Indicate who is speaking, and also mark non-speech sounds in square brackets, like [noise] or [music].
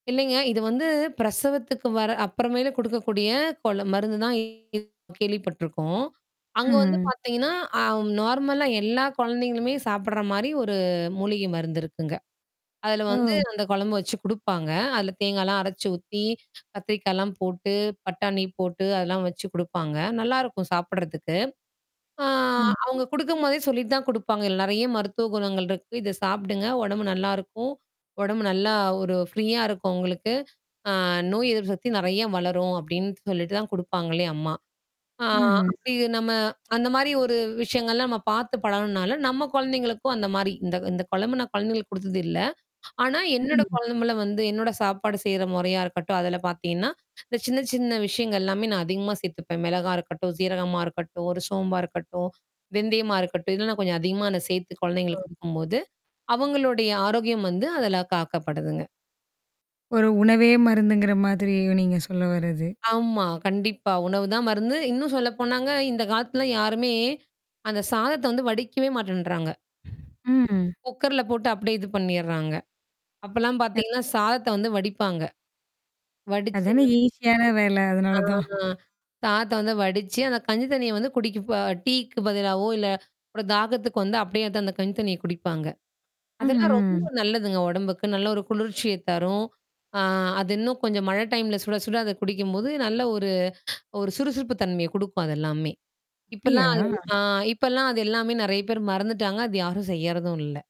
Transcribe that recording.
Speaker 1: இல்லைங்க. இது வந்து பிரசவத்துக்கு வர்ற அப்புறமேல கொடுக்கக்கூடிய கொல மருந்துதான் இ கேள்விப்பட்டுருக்கோம். அங்க வந்து
Speaker 2: ம்.
Speaker 1: பாத்தீங்கன்னா, அ நார்மலா எல்லா கொழந்தைங்களுமே சாப்பிடற மாதிரி ஒரு மூலிகை மருந்து இருக்குங்க. அதுல வந்து
Speaker 2: ஓ!
Speaker 1: அந்த கொழம்பு வச்சு குடுப்பாங்க. அதில தேங்காய்லாம் அரைச்சு ஊத்தி, கத்திரிக்காய்லாம் போட்டு, பட்டாணி போட்டு அதெல்லாம் வச்சு குடுப்பாங்க, நல்லாயிருக்கும் சாப்பிடறதுக்கு. ஆ
Speaker 2: ம்.
Speaker 1: அவுங்க குடுக்கும் போதே சொல்லிட்டு தான் குடுப்பாங்க. இதுல நெறைய மருத்துவ குணங்கள் இருக்கு. இத சாப்பிடுங்க ஒடம்பு நல்லாருக்கும். ஒடம்பு நல்லா ஒரு ஃப்ரீயா இருக்கும் உங்களுக்கு. அ "நோய் எதிர்ப்பு சக்தி நெறைய வளரும் அப்டின்னு சொல்லிட்டு தான் குடுப்பாங்களே" அம்மா. ஆ
Speaker 2: ம்ஹ்ம்.
Speaker 1: அப்படி நம்ம அந்த மாரி ஒரு விஷயங்கள்லாம் நம்ம பார்த்து பழகுன்னால நம்ம கொழந்தைங்களுக்கும் அந்த மாரி இந்த இந்த கொழம்பு நான் கொழந்தைகளுக்கு குடுத்தது இல்ல. ஆனா, என்னோட
Speaker 2: ம்.
Speaker 1: கொழம்புல வந்து என்னோட சாப்பாடு செய்ற மொறையா இருக்கட்டும், அதில பாத்தீங்கன்னா இந்த சின்ன சின்ன விஷயங்கள்லாமே நான் அதிகமா சேர்த்துப்பேன். மெளகா இருக்கட்டும், சீரகமா இருக்கட்டும், ஒரு சோம்பா இருக்கட்டும், வெந்தயமா இருக்கட்டும் இதெல்லாம் நான் கொஞ்சம் அதிகமா நான் அத சேர்த்து கொழந்தைங்களுக்கு குடுக்கும்போது, அவங்களுடைய ஆரோக்கியம் வந்து அதில காக்கப்படுதுங்க.
Speaker 2: ஒரு உணவே மருந்துங்கிற மாதிரி நீங்க சொல்ல வர்றது.
Speaker 1: ஆமா. கண்டிப்பா. உணவுதான் மருந்து இன்னும் சொல்ல போனாங்க, இந்த காலத்துல யாருமே அந்த சாதத்த வந்து வடிக்கவே மாட்டேன்றாங்க.
Speaker 2: ம்.
Speaker 1: குக்கர்ல போட்டு அப்டியே இது பண்ணிர்றாங்க. அப்பலாம்
Speaker 2: [unintelligible]
Speaker 1: பாத்தீங்கன்னா, சாதத்த வந்து வடிப்பாங்க. வடிச்சத
Speaker 2: அதானே ஈஸியான வேல அதனால
Speaker 1: ஆ
Speaker 2: தான்.
Speaker 1: சாதத்த வந்து வடிச்சு, அந்த கஞ்சி தண்ணிய வந்து குடிக்கப டீக்கு பதிலாவோ இல்ல, அப்புறம் தாகத்துக்கு வந்து அப்டியே வந்து அந்த கஞ்சி தண்ணிய குடிப்பாங்க. அதெல்லாம் ரொம்ப
Speaker 2: ம்ஹ்ம்.
Speaker 1: நல்லதுங்க உடம்புக்கு. நல்ல ஒரு குளிர்ச்சிய தரும். அது இன்னும் கொஞ்சம் மழ டைம்ல சுட, சுட அத குடிக்கம்போது நல்ல ஒரு ஒரு சுறுசுறுப்பு தன்மைய குடுக்கும் அத எல்லாமே.
Speaker 2: அப்டியா?
Speaker 1: இப்பலாம் அ இப்பலாம் அது எல்லாமே நெறைய பேரு மறந்துட்டாங்க. அது யாரும் செய்யுறதும் இல்ல.